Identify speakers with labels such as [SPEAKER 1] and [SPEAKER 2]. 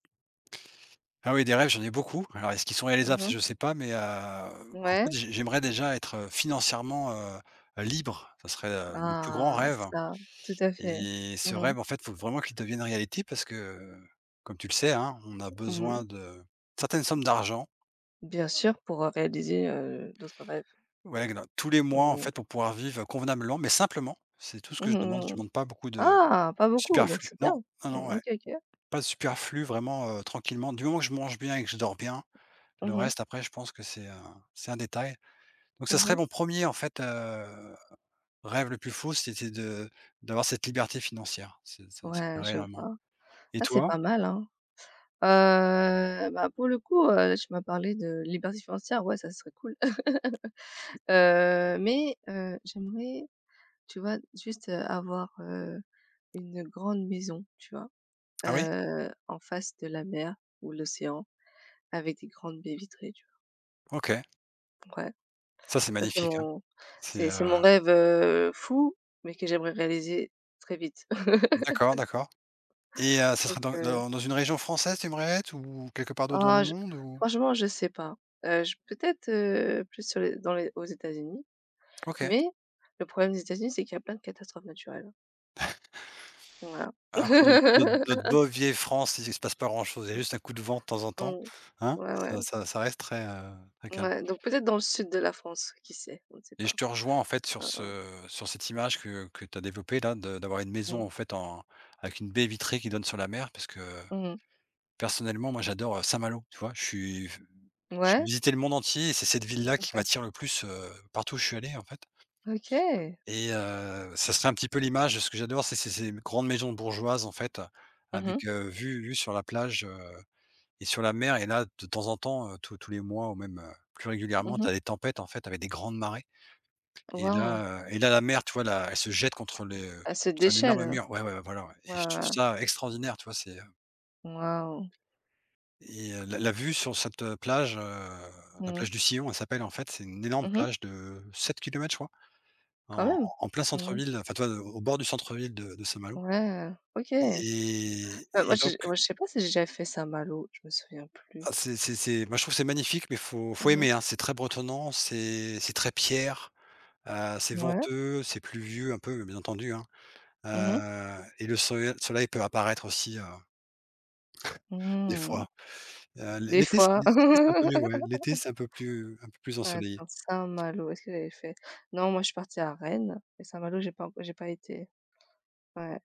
[SPEAKER 1] Ah oui, des rêves, j'en ai beaucoup. Alors, est-ce qu'ils sont
[SPEAKER 2] Mmh
[SPEAKER 1] réalisables? Ça
[SPEAKER 2] mh.
[SPEAKER 1] je sais pas, mais, heu, en fait,
[SPEAKER 2] Ouais.
[SPEAKER 1] j'ai j'aimerais déjà être financièrement, heu, heu, libre. Ce serait, heu, mon plus grand
[SPEAKER 2] Ah,
[SPEAKER 1] rêve
[SPEAKER 2] ça. Tout à fait.
[SPEAKER 1] et
[SPEAKER 2] Mmh
[SPEAKER 1] ce
[SPEAKER 2] mh.
[SPEAKER 1] rêve, en fait, il faut vraiment qu'il devienne réalité parce que, comme tu le sais, hein, on a
[SPEAKER 2] Mmh.
[SPEAKER 1] besoin de certaines sommes d'argent.
[SPEAKER 2] Bien sûr pour, heu, réaliser, heu, d'autres rêves.
[SPEAKER 1] Ouais, gla tous les mois, en
[SPEAKER 2] Mmh
[SPEAKER 1] fait,
[SPEAKER 2] mh.
[SPEAKER 1] pour pouvoir vivre convenablement, mais simplement, c'est tout ce que
[SPEAKER 2] Mmh
[SPEAKER 1] je demande. Je
[SPEAKER 2] mh.
[SPEAKER 1] demande pas beaucoup de
[SPEAKER 2] Ah! Pas beaucoup, donc
[SPEAKER 1] superflu.
[SPEAKER 2] c'est
[SPEAKER 1] Non,
[SPEAKER 2] bien.
[SPEAKER 1] non, non,
[SPEAKER 2] Mmh
[SPEAKER 1] ouais.
[SPEAKER 2] OK, OK.
[SPEAKER 1] Pas de superflu vraiment, heu, tranquillement. Du moment je mange bien et que je dors bien,
[SPEAKER 2] Mmh
[SPEAKER 1] le
[SPEAKER 2] mh.
[SPEAKER 1] reste après, je pense que c'est un c'est un détail. Donc, ce
[SPEAKER 2] Mmh
[SPEAKER 1] serait
[SPEAKER 2] mh.
[SPEAKER 1] mon 1er, en fait, heu, rêve le plus fou, c'était de d'avoir cette liberté financière, c'est ça, ça
[SPEAKER 2] Ouais
[SPEAKER 1] plairait
[SPEAKER 2] je
[SPEAKER 1] énormément.
[SPEAKER 2] vois.
[SPEAKER 1] Et
[SPEAKER 2] Ah c'est
[SPEAKER 1] toi?
[SPEAKER 2] pas mal, hein. Heu, bah, pour le coup, heu, tu m'as parlé de liberté financière, ouais ça serait cool. Heu, mais, heu, j'aimerais, tu vois, juste, heu, avoir, heu, une grande maison, tu vois?
[SPEAKER 1] Ah oui?
[SPEAKER 2] Heu, en face de la mer ou l'océan, avec des grandes baies vitrées, tu vois?
[SPEAKER 1] OK.
[SPEAKER 2] Ouais,
[SPEAKER 1] Ça, c'est
[SPEAKER 2] ça c'est
[SPEAKER 1] magnifique hein.
[SPEAKER 2] mon
[SPEAKER 1] C'est,
[SPEAKER 2] c'est
[SPEAKER 1] heu
[SPEAKER 2] c'est mon rêve, heu, fou, mais que j'aimerais réaliser très vite.
[SPEAKER 1] D'accord, d'accord et heu, ce
[SPEAKER 2] Donc,
[SPEAKER 1] sera dans
[SPEAKER 2] heu
[SPEAKER 1] dans dans une région française, tu aimerais être ou quelque part d'autre dans
[SPEAKER 2] Ah
[SPEAKER 1] le
[SPEAKER 2] je
[SPEAKER 1] monde ou
[SPEAKER 2] franchement je sais pas. Heu, j peut-être, heu, plus sur les dans les aux États-Unis.
[SPEAKER 1] OK.
[SPEAKER 2] Mais le problème des États-Unis, c'est qu'il y a plein de catastrophes naturelles. Voilà.
[SPEAKER 1] Alors que notre notre notre bonne vieille France, il s se passe pas grand chose, il y a
[SPEAKER 2] Mmh.
[SPEAKER 1] juste un coup de vent de temps en temps,
[SPEAKER 2] Mmh.
[SPEAKER 1] hein?
[SPEAKER 2] Ouais
[SPEAKER 1] Ça
[SPEAKER 2] ouais.
[SPEAKER 1] ça ça reste très, heu, très calme.
[SPEAKER 2] Ouais donc peut-être dans le sud de la France, qui sait, on ne sait
[SPEAKER 1] Et
[SPEAKER 2] pas.
[SPEAKER 1] je te rejoins en fait, sur
[SPEAKER 2] Ah hein.
[SPEAKER 1] ce sur cette image que que tu as développée, là, de d'avoir une maison
[SPEAKER 2] Mmh.
[SPEAKER 1] en fait, en avec une baie vitrée qui donne sur la mer, parce que,
[SPEAKER 2] Mmh mh.
[SPEAKER 1] personnellement, moi j'adore, heu, Saint-Malo. Tu vois? Je suis, f j'ai
[SPEAKER 2] Ouais.
[SPEAKER 1] visité le monde entier et c'est cette ville-là qui
[SPEAKER 2] OK.
[SPEAKER 1] m'attire le plus, heu, partout où je suis allé en fait.
[SPEAKER 2] OK!
[SPEAKER 1] Et heu, ça serait un petit peu l'image de ce que j'adore, c'est ces ces grandes maisons bourgeoises en fait,
[SPEAKER 2] Mmh mh.
[SPEAKER 1] avec, heu, vue vue sur la plage, heu et sur la mer. Et là, de temps en temps, heu, tous tous les mois ou même, heu, plus
[SPEAKER 2] Mmh
[SPEAKER 1] régulièrement, tu
[SPEAKER 2] mh.
[SPEAKER 1] as des tempêtes en fait, avec des grandes marées. Et
[SPEAKER 2] Wow!
[SPEAKER 1] là, heu et là, la mer, tu vois, là, elle se jette contre le
[SPEAKER 2] Elle se
[SPEAKER 1] c'est un énorme
[SPEAKER 2] déchaîne.
[SPEAKER 1] mur. Ouais, ouais, voilà ouais.
[SPEAKER 2] Ouais,
[SPEAKER 1] Et je trouve
[SPEAKER 2] ouais.
[SPEAKER 1] ça extraordinaire, tu vois, c'est
[SPEAKER 2] Wow!
[SPEAKER 1] Et heu, la la vue sur cette plage, heu, la
[SPEAKER 2] Mmh.
[SPEAKER 1] plage du Sillon, elle s'appelle en fait, c'est une énorme
[SPEAKER 2] Mmh mh.
[SPEAKER 1] plage de 7 km, je crois,
[SPEAKER 2] Quand
[SPEAKER 1] en en
[SPEAKER 2] même.
[SPEAKER 1] en plein
[SPEAKER 2] Mmh mh.
[SPEAKER 1] centre-ville, enfin, tu vois au au bord du centre-ville de de Saint-Malo.
[SPEAKER 2] Ouais. OK.
[SPEAKER 1] Et
[SPEAKER 2] Bah, moi
[SPEAKER 1] et
[SPEAKER 2] je
[SPEAKER 1] donc
[SPEAKER 2] ouais, je sais pas si j'ai déjà fait Saint-Malo, je me souviens plus.
[SPEAKER 1] Ah c'est c'est c'est moi je trouve c'est magnifique, mais il faut il faut
[SPEAKER 2] Mmh mh.
[SPEAKER 1] aimer, hein. C'est très bretonnant, c'est c'est très pierre, heu, c'est
[SPEAKER 2] Mouais.
[SPEAKER 1] venteux, c'est pluvieux un peu, bien entendu, hein.
[SPEAKER 2] Mmh mh.
[SPEAKER 1] Heu et le soleil- soleil peut apparaître aussi, heu, des
[SPEAKER 2] Mmh.
[SPEAKER 1] fois. Heu, l'é
[SPEAKER 2] Des
[SPEAKER 1] l'été, c'est
[SPEAKER 2] fois.
[SPEAKER 1] l'été, c'est un peu mieux, ouais. L'été, c'est un peu plus un peu plus ensoleillé.
[SPEAKER 2] Attends, Saint-Malo, est-ce que j'avais fait? Non moi je suis partie à Rennes et Saint-Malo j'ai pas enc j'ai pas été. Ouais.